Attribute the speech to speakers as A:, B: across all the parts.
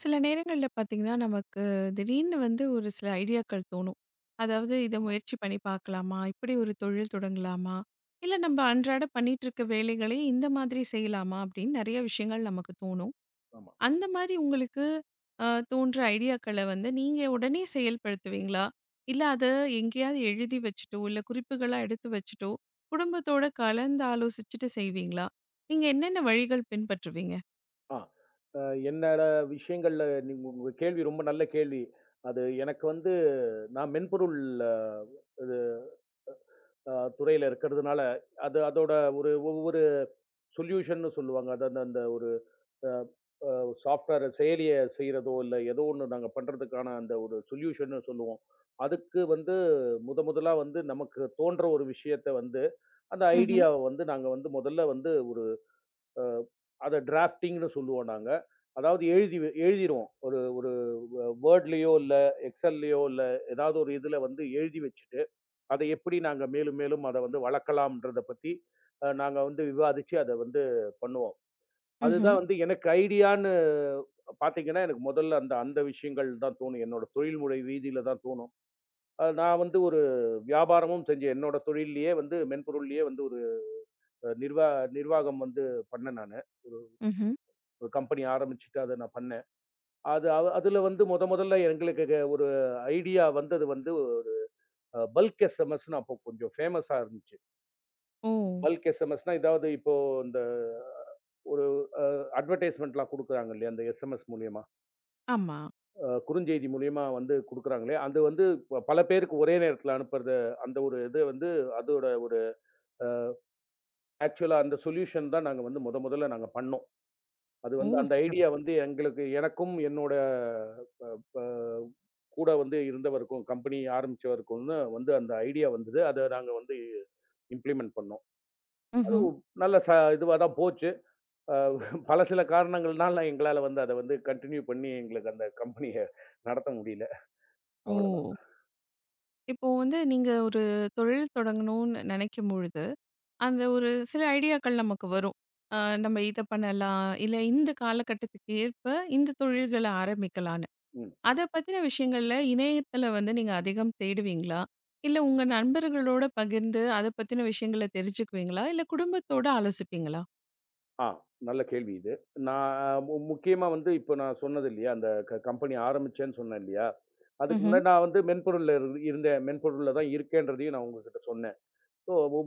A: சில நேரங்கள்ல பார்த்தீங்கன்னா நமக்குத் திடீர்னு வந்து ஒரு சில ஐடியாக்கள் தோணும். அதாவது இதை
B: ஆமா.
A: முயற்சி பண்ணி பார்க்கலாமா? இப்படி ஒரு தொழில் தொடங்கலாமா? இல்ல, நம்ம அன்றாட பண்ணிட்டு இருக்கிற வேலைகளே இந்த மாதிரி செய்யலாமா அப்படின்னு நிறைய விஷயங்கள் நமக்குத் தோணும்.
B: ஆமா.
A: அந்த மாரி உங்களுக்கு ஆ தோன்றும் ஐடியாக்கள வந்து நீங்க உடனே செயல்படுத்துவீங்களா? இல்ல அத எங்கேயாவது எழுதி வச்சிட்டோ, இல்ல குறிப்புகளா எடுத்து வச்சிட்டோ குடும்பத்தோட கலந்து ஆலோசிச்சுட்டு செய்வீங்களா? நீங்க என்னென்ன வழிகள் பின்பற்றுவீங்க?
B: ஆ. அ என்னோட விஷயங்கள்ல நீங்க உங்க கேள்வி ரொம்ப நல்ல கேள்வி. அது எனக்கு வந்து நான் மென்பொருள் இது அ துறையில இருக்குறதுனால அது அதோட ஒரு ஒவ்வொரு சொலியுஷன்னு சொல்வாங்க. அந்தந்த ஒரு அ சாப்டுவெர் செயலியைச் செய்யறதோ இல்ல எதோ ஒண்ணு நாங்க பண்றதுக்கான அந்த ஒரு சொலியுஷன்னு சொல்வோம். அதுக்கு வந்து முத முதலா வந்து நமக்குத் தோன்ற ஒரு விஷயத்த வந்து அந்த
A: ம்ஹ்ம்.
B: ஐடியாவ வந்து நாங்க வந்து முதல்ல வந்து ஒரு அதை ட்ராப்டிங்னு சொல்வோம். நாங்க அதாவது எழுதி வ எழுதிரோம். ஒரு ஒரு வே வோர்ட்லயோ இல்ல எக்ஸ்சல்லயோ இல்ல எதாவது ஒரு இதுல வந்து எழுதி வச்சுட்டு, அதை எப்படி நாங்க மேலும் மேலும் அதை வந்து வளர்க்கலான்றத பத்தி அ நாங்க வந்து விவாதிச்சு அதை வந்து பண்ணுவோம். அது
A: ம்ஹ்ம்.
B: தான் வந்து எனக்கு ஐடியான்னு பாத்தீங்கன்னா, எனக்கு மொதல்ல அந்த அந்த விஷயங்கள் தான் தோணும். என்னோட தொழில்முறை வீதியில தான் தோணும். நான் வந்து ஒரு வியாபாரமும் செஞ்சு என்னோட தொழில்லயே வந்து மென்பொருள்லயே வந்து ஒரு நிர்வா நிர்வாகம் வந்து பண்ணேன் நானு. ஒரு,
A: ம்ஹ்ம்.
B: ஒரு கம்பெனி ஆரம்பிச்சிட்டு அதை நான் பண்ணேன். அது அதுல வந்து மொத மொதல்ல எங்களுக்கு ஒரு ஐடியா வந்தது வந்து ஒரு அ பல்க் எஸ்எம்எஸ்னு அப்ப கொஞ்சம் ஃபேமஸா இருந்துச்சு.
A: ஓ!
B: பல்க் எஸ்எம்எஸ்னா, ஏதாவது இப்போ இந்த ஒரு அ, அட்வெர்ட்டிஸ்ட்மென்ட்லாம் குடுக்குறாங்க இல்லையா? அந்த எஸ்எம்எஸ் மூலியமா
A: ஆமா.
B: அ குறுஞ்செய்தி மூலயமா வந்து குடுக்குறாங்களே, அந்த வந்து பல பேருக்கு ஒரே நேரத்துல அனுப்புறது. அந்த ஒரு இது வந்து அதோட ஒரு அ, ஆக்சுவலா அந்த சொல்யூஷன் தான் நாங்க வந்து மொத மொதல்ல நாங்க பண்ணோம். அது
A: ஓ!
B: வந்து அந்த ஐடியா
A: சிறப்பு.
B: வந்து எங்களுக்கு எனக்கும் என்னோட ப் ப கூட வந்து இருந்தவருக்கும் கம்பெனி. ஆரம்பிச்சவருக்கும் வந்து அந்த ஐடியா வந்தது. அத நாங்க வந்து இம்ப்ளிமென்ட் பண்ணோம். அது
A: ம்ஹ்ம்.
B: ஒ நல்லா சா இதுவா தான் போச்சு. பல சில காரணங்கள்னால எங்களால வந்து அத வந்து கன்டினியூ பண்ணி எங்களுக்கு அந்தக் கம்பனிய நடத்த முடியல. அவ்ளோதான்.
A: ஓ! இப்போ வந்து நீங்க ஒரு தொழில் தொடங்கண்ணு நெனைக்கும்பொழுது அந்த ஒரு சில ஐடியாக்கள் நமக்கு வரும். ஆ, நம்ம இத பண்ணலாம் இல்ல இந்தக் காலகட்டத்துக்கு ஏற்ப இந்த தொழில்கள ஆரம்பிக்கலான்னு.
B: ம்.
A: அதப் பத்தின விஷயங்கள்ல இணையத்துல வந்து நீங்க அதிகம் தேடுவீங்களா? இல்ல உங்க நண்பர்களோட பகிர்ந்து அதப் பத்தின விஷயங்கள தெரிஞ்சுக்குவீங்களா? இல்ல குடும்பத்தோட ஆலோசிப்பீங்களா?
B: அ. நல்ல கேள்வி இது. நான் மு முக்கியமா வந்து இப்போ நான் சொன்னது இல்லையா? அந்தக் கம்பெனி ஆரம்பிச்சேன்னு சொன்னேன் இல்லையா? அதுக்கு
A: ம்ஹ்ம்.
B: முன்னாடி நான் வந்து மென்பொருள்ல இருந்தேன். மென்பொருள்ல தான் இருக்கேன்றதையும் நான் உங்ககிட்ட சொன்னேன்.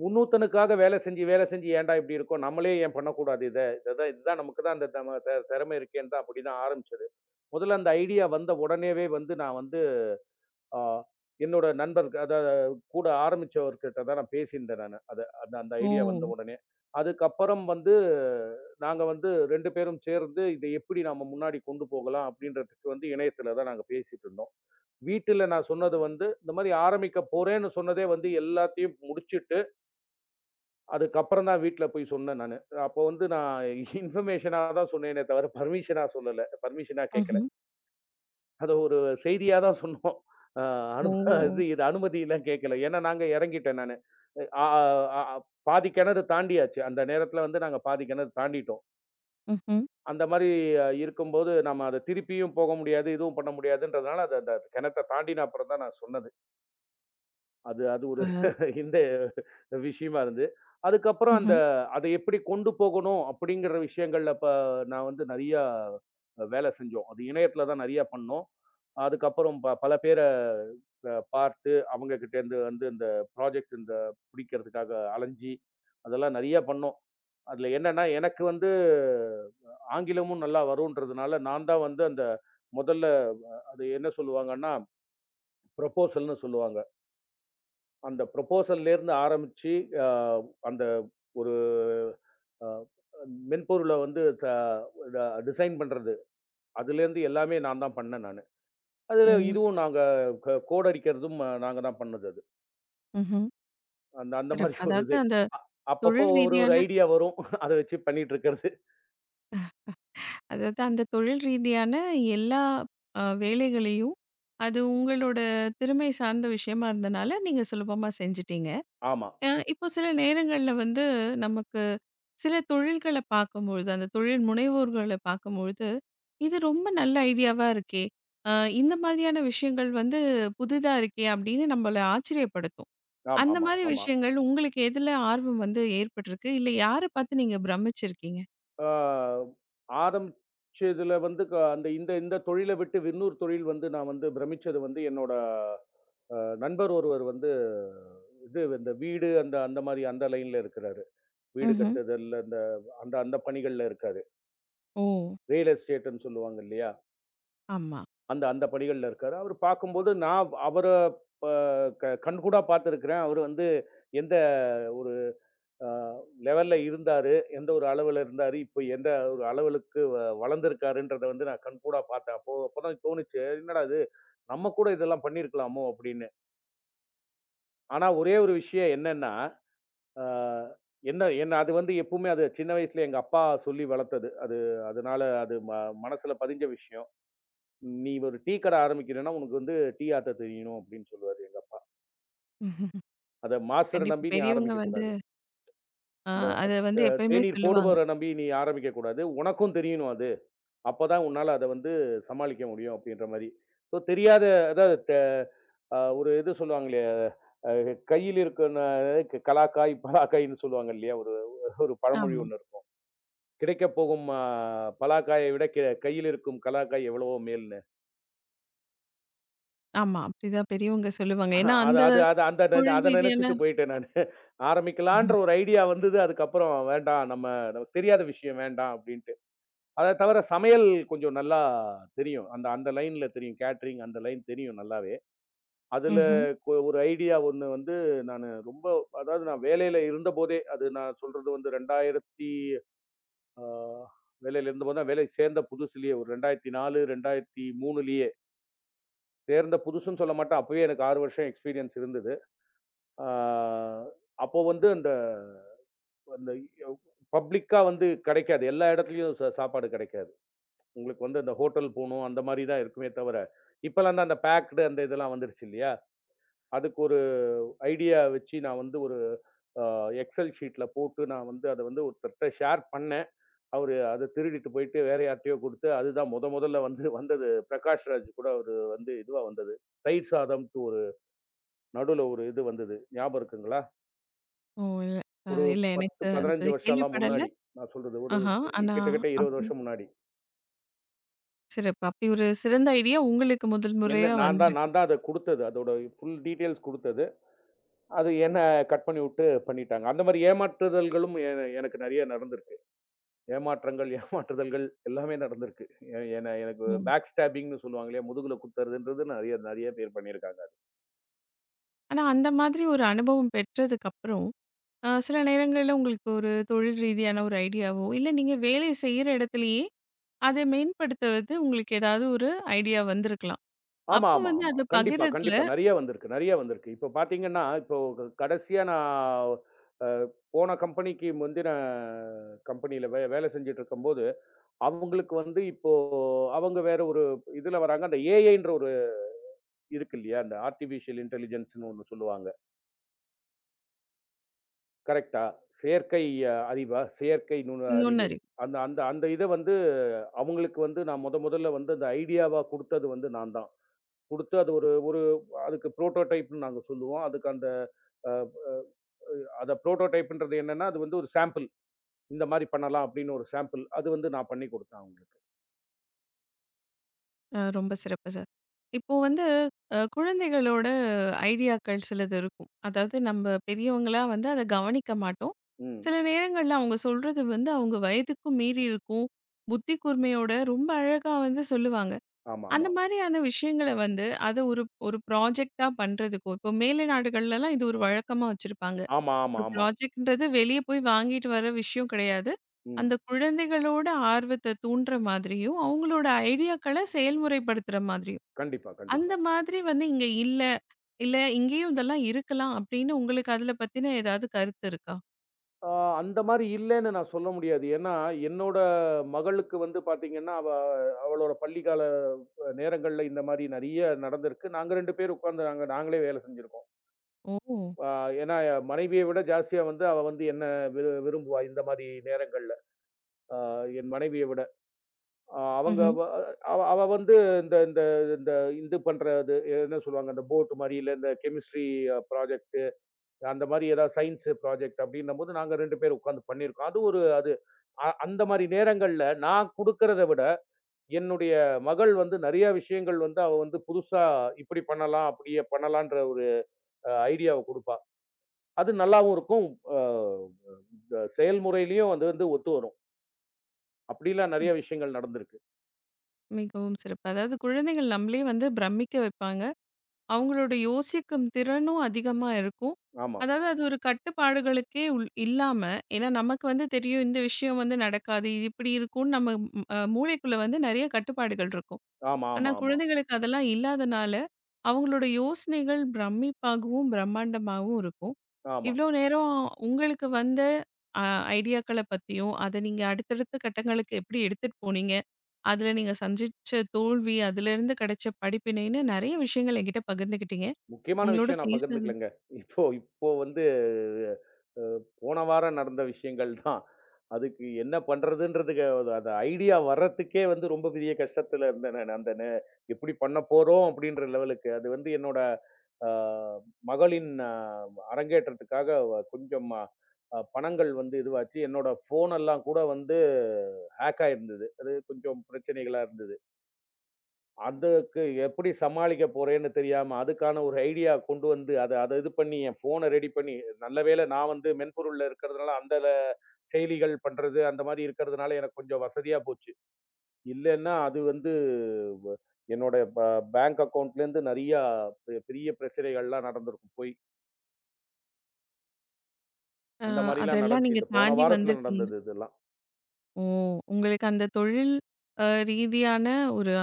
B: இன்னொருத்துனுக்காக வேலை செஞ்சி வேலை செஞ்சி ஏண்டா இப்படி இருக்கே? நம்மளே ஏன் பண்ணக்கூடாது? இதான் இதான் நமக்குத் தான் இந்தத் திறமை இருக்கு. அப்படி தான் ஆரம்பிச்சது. முதல்ல அந்த ஐடியா வந்த உடனேயே வந்து நான் வந்து அ என்னோட நண்பர் க த கூட ஆரம்பிச்சவர்கிட்ட தான் பேசி இருந்தேன் நானு. அத அந்த ஐடியா வந்த
A: ஓ.
B: உடனே அதுக்கப்புறம் வந்து நாங்க வந்து 2 பேரும் சேர்ந்து இதை எப்படி நாம முன்னாடி கொண்டு போகலாம்? அப்படிங்கறதுக்கு வந்து இணையத்துல தான் நாங்க பேசிட்டு இருந்தோம். வீட்டுல நான் சொன்னது வந்து இந்த மாரி ஆரம்பிக்கப் போறேன்னு சொன்னதே வந்து எல்லாத்தையும் முடிச்சிட்டு அதுக்கப்புறம் தான் வீட்டுல போய்ச் சொன்னேன் நானு. அப்போ வந்து நான் இன்ஃபர்மேஷன் தான் சொன்னேனே தவிர பர்மிஷனா சொல்லல பர்மிஷனா கேட்கல.
A: ம்ஹ்ம்.
B: அத ஒரு செய்தியா தான் சொன்னோம். அ அது
A: ஓ.
B: அனுமதிலாம் கேக்கல. ஏன்னா நாங்க இறங்கிட்டேன் நானு. ஆ. அ பாதி கிணறு தாண்டி ஆச்சு. அந்த நேரத்துல வந்து நாங்க பாதி கிணறு தாண்டிட்டோம்.
A: ம்ஹ்ம்.
B: அந்த மாரி அ இருக்கும்போது நாம அத திருப்பியும் போக முடியாது. எதுவும் பண்ண முடியாதுன்றதுனால அத அந்தக் கிணத்த தாண்டி அப்பறம் தான் நான் சொன்னது. அது அது ஒரு
A: அ.
B: இந்த விஷயமா இருந்தது. அதுக்கப்புறம் அந்த
A: ம்ஹ்ம்.
B: அத எப்டி கொண்டு போகணும் அப்டிங்கிற விஷயங்கள்ல ப நான் வந்து நெறைய வேல செஞ்சோம். அது இணையத்துல தான் நெறைய பண்ணோம். அதுக்கப்புறம் ப பல பேர அ பார்த்து அவங்ககிட்ட இருந்து வந்து இந்தப் ப்ராஜக்ட் இந்த புடிக்கறதுக்காக அலைஞ்சி அதெல்லாம் நெறைய பண்ணோம். அதுல என்னன்னா எனக்கு வந்து ஆங்கிலமும் நல்லா வரும்ன்றதுனால நான் தான் வந்து அந்த முதல்ல அத என்ன சொல்லுவாங்கன்னா, ப்ரோபோசல்ன்னு சொல்லுவாங்க. அந்த ப்ரோபோசல்ல இருந்து ஆரம்பிச்சி ஆ அந்த ஒரு அ மென்பொருள வந்து தா ட டிசைன் பண்றது அதுலருந்து எல்லாமே நான் தான் பண்ணேன் நானு.
A: ஓ!
B: அதுல இதுவும்
A: சிறப்பு.
B: நாங்க க கோட் அடிக்கிறதும் நாங்க தான் பண்ணது அது.
A: ம்ஹும்.
B: அந் அந்த
A: சிறப்பு,
B: மாதிரி ஒரு
A: அதாவது
B: இது.
A: அந்தத்
B: அ அப்பப்போ
A: தொழில்
B: ஒரு
A: ரீதியான
B: ஐடியா வரும். அத வச்சு பண்ணிட்டு இருக்குறது.
A: அதாவது அந்தத் தொழில் ரீதியான எல்லா அ வேலைகளையும் அது உங்களோட திறமை சார்ந்த விஷயமா இருந்தனால, நீங்க சுலபமா செஞ்சுட்டீங்க.
B: ஆமா.
A: அ இப்போ சில நேரங்கள்ல வந்து, நமக்கு சில தொழில்களை பாக்கும்பொழுது அந்த தொழில் முனைவோர்கள பாக்கும்பொழுது இது ரொம்ப நல்ல ஐடியாவா இருக்கே. அ இந்த மாதிரியான விஷயங்கள் வந்து, புதுதா இருக்கே அப்படின்னு நம்மளை ஆச்சரியப்படுத்தும்.
B: ஆமா,
A: அந்த
B: ஆமா,
A: மாரி
B: ஆமா.
A: விஷயங்கள் உங்களுக்கு எதுல ஆர்வம் வந்து ஏற்பட்டிருக்கு? இல்ல யாரை பாத்து நீங்க பிரம்மிச்சிருக்கீங்க?
B: அ ஆரம்பிச்சதுல வந்து, அ இந்த இந்த தொழிலை விட்டு இன்னொரு தொழில் வந்து நான் வந்து பிரமிச்சது வந்து, என்னோட அ நண்பர் ஒருவர் வந்து இது வீடு அந்த அந்த மாரி அந்த லைன்ல இருக்காரு. வீடு
A: ம்ஹ்ம்.
B: கட்டுதுல்ல. அந்த அந்த பணிகள்ல இருக்காரு.
A: ஓ!
B: ரியல் எஸ்டேட்ன்னு சொல்லுவாங்க இல்லையா?
A: ஆமா.
B: அந்த அந்த பணிகள்ல இருக்காரு. அவரு பாக்கும்போது நான் அவர அ கண்கூடா பாத்துருக்கேன். அவரு வந்து எந்த ஒரு அ லெவல்ல இருந்தாரு, எந்த ஒரு அளவுல இருந்தாரு, இப்ப எந்த அளவுக்கு வளர்ந்து இருக்காருன்றத வந்து நான் கண்கூடா பாத்ததேன், அப்போ அப்பதான் தோணுச்சு. என்னடா இது நம்ம கூட இதெல்லாம் பண்ணி இருக்கலாமோ, அப்படின்னு. ஆனா ஒரே ஒரு விஷயம் என்னன்னா, அ என்ன என்ன அது வந்து எப்பவுமே அது, சின்ன வயசுல எங்க அப்பா சொல்லி வளத்தது. அது அதனால அது மனசுல பதிஞ்ச விஷயம். "நீ ஒரு டீக்கடை ஆரம்பிக்கணும்னா, உனக்கு வந்து டீ ஆத்த தெரியணும்" அப்படின்னு சொல்லுவாரு, எங்க அப்பா. அத மாஸ்டர்ர
A: கண்டிப்பா.
B: நம்பி நீ
A: பெரியவங்க
B: ஆரம்பிக்கக்
A: வந்து
B: கூடாது.
A: அ,
B: இந்த
A: அதை வந்து
B: [unintelligible]
A: எப்பவுமே
B: தேனீர்
A: சொல்லுவாங்க.
B: போடுபவர நம்பி நீ ஆரம்பிக்கக் கூடாது. உனக்கும் தெரியும்னு அது. அப்பதான் உன்னால அதை வந்து சமாளிக்க முடியும் அப்படின்ற மாரி. தெரியாத [unintelligible] அ ஒரு இது சொல்லுவாங்களே அ கையில இருக்குன்னு கலாக்காய், பலாக்காய்ன்னு சொல்லுவாங்க இல்லையா. ஒரு ஒரு பழமொழி
A: ஆமா.
B: ஒண்ணு இருக்கும். கிடைக்கப்போகும் அ பலாக்காயை விட, க கையில் இருக்கும் கலாக்காய் எவ்வளவோ மேலுன்னு.
A: ஆமா, அப்படித்தான் பெரியவங்க சொல்லுவாங்க. ஏன்னா,
B: அது
A: அந்த
B: அது அது அந்த
A: தொழில்
B: அத நினைச்சுட்டு
A: ரீதியான
B: போயிட்டேன், நானு. ஆரம்பிக்கலான்ற ஒரு ஐடியா வந்துது. அதுக்கு அப்புறம் வேண்டாம். நம்ம தெரியாத விஷயம் வேண்டாம் அப்படின்ட்டு. அதை தவிர சமையல் கொஞ்சம் நல்லா தெரியும். அந்த அந்த லைன்ல தெரியும். கேட்டரிங் அந்த லைன் தெரியும், நல்லாவே. அதுல
A: ம்ஹ்ம்.
B: ஒரு ஐடியா ஒண்ணு வந்து. நானு ரொம்ப அதாவது நான் வேலையில இருந்தபோதே அது நான் சொல்றது வந்து. 2000த்தி அ வேலையில இருந்தபோதே வேலைக்கு சேர்ந்த புதுசுலயோ. 2004 2003 சேர்ந்த புதுசுன்னு சொல்லமாட்டேன். அப்பவே எனக்கு 6 வருஷம் எக்ஸ்பீரியன்ஸ் இருந்தது. ஆ, அப்போ வந்து அந்த அந்த யவ் பப்ளிக்கா வந்து கிடைக்காது. எல்லா இடத்துலயும் சு சாப்பாடு கிடைக்காது. உங்களுக்கு அந்த ஹோட்டல் போணும். அந்த மாதிரி தான் இருக்குமே தவிர இப்பெல்லாம் அந்த பேக்டு அந்த இதெல்லாம் வந்துருச்சு இல்லயா? அதுக்கு ஒரு ஐடியா வச்சு நான் வந்து ஒரு அ எக்ஸெல் ஷீட்ல போட்டு நான் வந்து அத ஒருத்தர்ட்ட ஷேர் பண்ணேன். அவரு அதத் திருடிட்டு போயிட்டு வேற யார்ட்டயோ குடுத்து அது தான் முத முதல்ல வந்து வந்தது. பிரகாஷ்ராஜ் கூட ஒரு வந்து இதுவா வந்துது. தயிர் சாதம் டூரு நடுவுல ஒரு இது வந்தது. ஞாபகம் இருக்குங்களா?
A: ஓ! இல்ல
B: ஒரு
A: இல்ல
B: பத்து,
A: எனக்கு
B: பதினைந்து
A: அதுபத்திக்
B: வருஷம்லாம்
A: கேள்விப்படல.
B: முன்னாடி நான் சொல்றது ஒரு
A: ஆஹ. ஆனா
B: கிட்டத்தட்ட 20
A: அப்பிடி
B: வருஷம் முன்னாடி.
A: சிறப்பு. அப்பிடியொரு சிறந்த ஐடியா உங்களுக்கு
B: என்ன
A: முதல்முறையா
B: நான் தான்
A: வந்திருக்கு.
B: நான் தான் அத குடுத்தது. அதோட ஃபுல் டீடைல்ஸ் குடுத்தது. அது என்ன கட் பண்ணி விட்டு பண்ணிட்டாங்க. அந்த மாதிரி ஏமாற்றுதல்களும் என எனக்கு நிறைய நடந்திருக்கு. ஏமாற்றங்கள், ஏமாற்றுதல்கள் எல்லாமே நடந்திருக்கு. எ என்ன எனக்குப்
A: ம்.
B: பேக் ஸ்டேப்பிங்ன்னு சொல்லுவாங்க இல்லயா? முதுகுல குத்துறதுன்றது நிறைய நிறைய பேர் பண்ணி இருக்காங்க.
A: ஆனால், அந்த மாதிரி ஒரு அனுபவம் பெற்றதற்கு அப்பறம், அ சில நேரங்களில் உங்களுக்கு ஒரு தொழில் ரீதியான ஒரு ஐடியா வோ இல்லை, நீங்கள் வேலை செய்கிற இடத்திலேயே அதை மேம்படுத்துவது, உங்களுக்கு ஏதாவது ஒரு ஐடியா வந்திருக்கலாம்.
B: ஆமா,
A: அப்போ
B: ஆமா,
A: வந்து
B: ஆமா.
A: அதை
B: கண்டிப்பாக,
A: பகிர்கிரதில்
B: கண்டிப்பாக. நிறைய வந்திருக்கு, நிறைய வந்திருக்கு. இப்போ பார்த்தீர்களென்றால் இப்போ க கடைசியா நான் போன கம்பெனிக்கு முந்தின கம்பெனி யில் வே வேலை செய்து கொண்டு இருக்கும்போது அவர்களுக்கு வந்து இப்போ அவர்கள் வேறு ஒரு இதில் வருகிறார்கள். அந்த AI என்ற ஒன்று இருக்கு இல்லையா? இந்த, ஆர்டிபிசியல் இன்டெலிஜென்ஸ் ன்னு ஒன்று சொல்லுவார்கள். கரெக்ட் ஆ, செயற்கை அறிவா? செயற்கை நுண்ணறிவு
A: நுண்ணறிவு.
B: அந்த அந்த அந்த இதை வந்து அவர்களுக்கு வந்து நான் முதல் முதலில் வந்து அந்த ஐடியா வாக கொடுத்தது வந்து நான் தான்! கொடுத்து அது ஒரு ஒரு அதற்கு ப்ரோடோடைப் ன்னு நாங்கள் சொல்லுவோம். அதற்கு அந்த, அ அ அ அந்த ப்ரோடோடைப் என்றது என்னவென்றால், அது வந்து ஒரு சாம்பிள். இந்த மாதிரி பண்ணலாம் அப்படியென்று ஒரு சாம்பிள். அதை வந்து நான் பண்ணிக் கொடுத்தேன், அவர்களுக்கு.
A: அ மிகவும் சிறப்பு Sir. இப்போ வந்து அ குழந்தைகளுடைய ஐடியா க்கள் சிலது இருக்கும். அதாவது நம்ம பெரியவர்களா வந்து அதை கவனித்திருக்க மாட்டோம்.
B: ம்.
A: சில நேரங்களில் அவர்கள் சொல்கிறது வந்து அவர்கள் வயதுக்கும் மீறி இருக்கும், புத்தி கூர்மையோடே, மிகவும் அழகாக வந்து சொல்வார்கள். அந்த
B: ஆமாமா.
A: மாதிரியான விஷயங்களை வந்து, அது ஒரு ஒரு ப்ராஜெக்ட் டாக பண்ணுவதற்கு, இப்போ மேலைநாடுகளில் எல்லாம் இது ஒரு வழக்கமாக வைத்திருப்பார்கள்.
B: ஆமா, ஆமா,
A: ஒரு
B: ஆமா.
A: ப்ராஜெக்ட் என்கிறது வெளிய போய் வாங்கிவிட்டு வருகிற விஷயம் கிடையாது. அந்த
B: ம்.
A: குழந்தைகளுடைய ஆர்வத்தை தூண்டுகிற மாதிரியும், அவர்களுடைய ஐடியா க்களை செயல்முறைப்படுத்துற மாதிரியும்.
B: கண்டிப்பாக.
A: அந்த
B: கண்டிப்பாக.
A: மாதிரி வந்து இங்கு இல்லை; இல்லை இங்கேயும் இதெல்லாம் இருக்கலாம் அப்படியென்று உங்களுக்கு அதில் பற்றிய ஏதாவது கருத்து இருக்கிறதா?
B: அ அந்த மாரி இல்லன்னு நான் சொல்ல முடியாது. ஏன்னா என்னோட மகளுக்கு வந்து பாத்தீங்கன்னா அவ அவளோட பள்ளிக்கால நேரங்கள்ல இந்த மாரி நெறைய நடந்திருக்கு. நாங்க 2 பேரும் உக்காந்து நாங்களே வேலை செஞ்சிருக்கோம்.
A: ஓ!
B: அ ஏன்னா மனைவியை விட ஜாஸ்தியா வந்து அவ வந்து என்னை வி விரும்புவா. இந்த மாரி நேரங்கள்ல என் மனைவியை விட அவங்க
A: ம்ஹ்ம்.
B: அவ வந்து இந்த இந்த இந்த இது பண்றது. என்ன சொல்லுவாங்க அந்த போட் மாதிரி இல்ல. அந்த கெமிஸ்ட்ரி ப்ராஜெக்ட். அந்த மாதிரி எதாவது சயின்ஸ் ப்ராஜெக்ட். அப்படின்னு நாங்க 2 பேரும் உக்காந்து பண்ணி இருக்கோம். அது ஒரு அது. அந்த மாரி நேரங்கள்ல நான் குடுக்குறத விட என்னுடைய மகள் வந்து நெறைய விஷயங்கள் வந்து அவ வந்து புதுசா இப்படி பண்ணலாம், அப்படியே பண்ணலாம் என்ற ஒரு ஐடியா கொடுப்பா. அது நல்லாவும் இருக்கும். அ வ செயல்முறைலயும் வந்து ஒத்து வரும். அப்படி எல்லாம்
A: ம்.
B: நெறைய விஷயங்கள் நடந்திருக்கு.
A: மிகவும் சிறப்பு. அதாவது குழந்தைகள் நம்மளையே வந்து பிரம்மிக்க வைப்பாங்க. அவங்களோட யோசிக்கும் திறனும் அதிகமா இருக்கும்.
B: ஆமா.
A: அதாவது அது ஒரு கட்டுப்பாடுகளுக்கே உ இல்லாம, ஏன்னா நமக்கு வந்து தெரியும் இந்த விஷயம் வந்து நடக்காது, இது இப்படி இருக்கும்னு நம்ம மூளைக்குள்ள வந்து நிறைய கட்டுப்பாடுகள் இருக்கும்.
B: ஆமா
A: ஆனா
B: ஆமா ஆமா.
A: குழந்தைகளுக்கு அதெல்லாம் இல்லாததனால அவங்களோட யோசனைகள் பிரம்மிப்பாகவும், பிரம்மாண்டமாகவும் இருக்கும்.
B: ஆமா.
A: இவ்வளவு நேரம் உங்களுக்கு வந்த அ ஐடியாக்களைப் பத்தியும் அதை நீங்க அடுத்தடுத்த கட்டங்களுக்கு எப்படி எடுத்துட்டு போனீங்க, அதுல நீங்க சந்திச்ச தோல்வி, அதுல இருந்து கிடைச்ச படிப்பினைன்னு நிறைய விஷயங்களை என்கிட்ட பகிர்ந்துக்கிட்டீங்க.
B: முக்கியமான
A: உங்களோட
B: விஷயம் நான்
A: பேசுனது
B: பகிர்ந்துக்கலைங்க. இப்போ இப்போ வந்து அ போன வாரம் நடந்த விஷயங்கள் தான். அதுக்கு என்ன பண்றதுன்னுக்கு அந்த ஐடியா வர்றதுக்கே வந்து ரொம்ப பெரிய கஷ்டத்துல இருந்தேன். அந்த நே எப்படி பண்ண போறோம்? அப்படிங்கிற லெவல். அது வந்து என்னோட மகளின் அரங்கேற்றத்துக்காகக் கொஞ்சம் பணங்கள் வந்து இதுவாச்சு. என்னோட ஃபோன் எல்லாம் கூட வந்து ஹேக் ஆயிருந்தது. அது கொஞ்சம் பிரச்சனைகளா இருந்தது. அதுக்கு எப்படி சமாளிக்க போறேன்னு தெரியாம அதுக்கான ஒரு ஐடியா கொண்டு வந்து அத அத இது பண்ணி என் ஃபோன்ன ரெடி பண்ணி. நல்லவேளை நான் வந்து மென்பொருள் இருக்கறதால அந்தச் செயலிகள் பண்றது அந்த மாரி இருக்கறதுனால எனக்குக் கொஞ்சம் வசதியா போச்சு. இல்லன்னா அது வந்து என்னோட பே பேங்க் அக்கவுன்ட்ல இருந்து நெறையா பெரிய பிரச்சனைகள்லாம் நடந்திருக்கும் போயி
A: அ
B: அந்த மாரிலாம்
A: அதெல்லாம்
B: நடந்துச்சு
A: நீங்கத்
B: இந்தப் போன
A: தாண்டி
B: வாரத்துல
A: வந்திருக்கீங்க.
B: நடந்தது இதெல்லாம்.
A: ஓ. உங்களுக்கு அந்தத் தொழில் அ ரீதியான ஒரு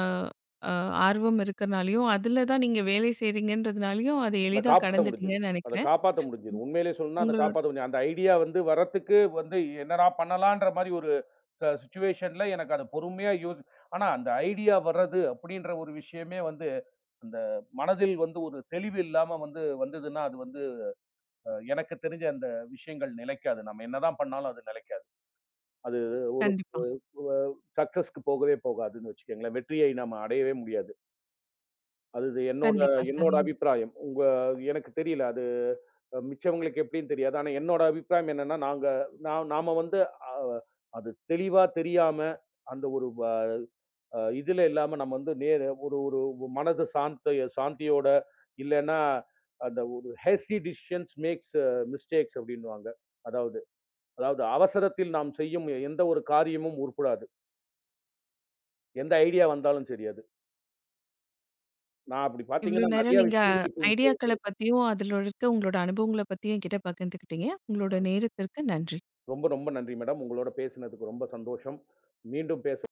A: அ ஆர்வம் இருக்கிறதனாலயும், அதுல தான் நீங்க வேலை செய்றீங்கன்றதனாலயும் அதை
B: இல
A: எளிதா
B: காப்பாத்த முடிஞ்சது.
A: கடந்துட்டீங்கன்னு
B: அத
A: நெனைக்கிறேன்.
B: காப்பாத்த முடிஞ்சது. உண்மையிலேயே சொல்லணும்னா அத
A: உங்களோட
B: காப்பாத்த அந்த ஐடியா வந்து வர்றதுக்கு வந்து என்னடா பண்ணலாம்ன்ற மாரி ஒரு ச சிட்டுவேஷன்ல எனக்கு அது பொறுமையா [unintelligible] ஆனா அந்த ஐடியா வர்றது அப்படின்ற ஒரு விஷயமே வந்து அந்த மனதில் ஒரு தெளிவு இல்லாம வந்து வந்ததுன்னா அது வந்து எனக்குத் தெரிஞ்ச அந்த விஷயங்கள் நிலைக்காது. நாம என்னதான் பண்ணாலும் அது நிலைக்காது. அது ஒரு
A: கண்டிப்பா.
B: [unintelligible] சக்ஸெஸ் போகவே போகாது வச்சுங்கங்களேன். வெற்றியை நம்ம அடையவே முடியாது. அதுது என்னோட
A: கண்டிப்பா சார்,
B: என்னோட
A: நீங்க
B: அபிப்பிராயம். உங்க எனக்குத் தெரியல அது அ மிச்சவங்களுக்கு எப்படின்னு தெரியாது. ஆனா என்னோட அபிப்பிராயம் என்னன்னா நாங்க நா நாம வந்து அ அது தெளிவா தெரியாம அந்த ஒரு ப அ இதுல இல்லாம நம்ம வந்து நேரா ஒரு ஒரு மனது சாந்த சாந்தியோடு இல்லைனா அந்த ஒரு "ஹேஸ்டி டெஷிஷன்ஸ் மேக்ஸ் மிஸ்டேக்ஸ்" அப்படின்னுவாங்க. அதாவது அதாவது அவசரத்தில் நாம் செய்யும் எந்த ஒரு காரியமும் உருப்படாது. எந்த ஐடியா வந்தாலும் தெரியாது. நான் அப்படி பார்த்தீங்கன்னா
A: இவ்வளவு
B: நெறைய
A: நேரம் நீங்க
B: விஷயங்கள் இப்போ இப்போ இது
A: ஐடியாக்களப் பத்தியும், அதுல இருக்க உங்களோட அனுபவங்களப் பத்தியும் என்கிட்ட பகிர்ந்துக்கிட்டீங்க. உங்களோட
B: [unintelligible]
A: நேரத்திற்கு நன்றி.
B: ரொம்ப ரொம்ப நன்றி மேடம். உங்களோட பேசுனதுக்கு ரொம்ப சந்தோஷம். மீண்டும் பேச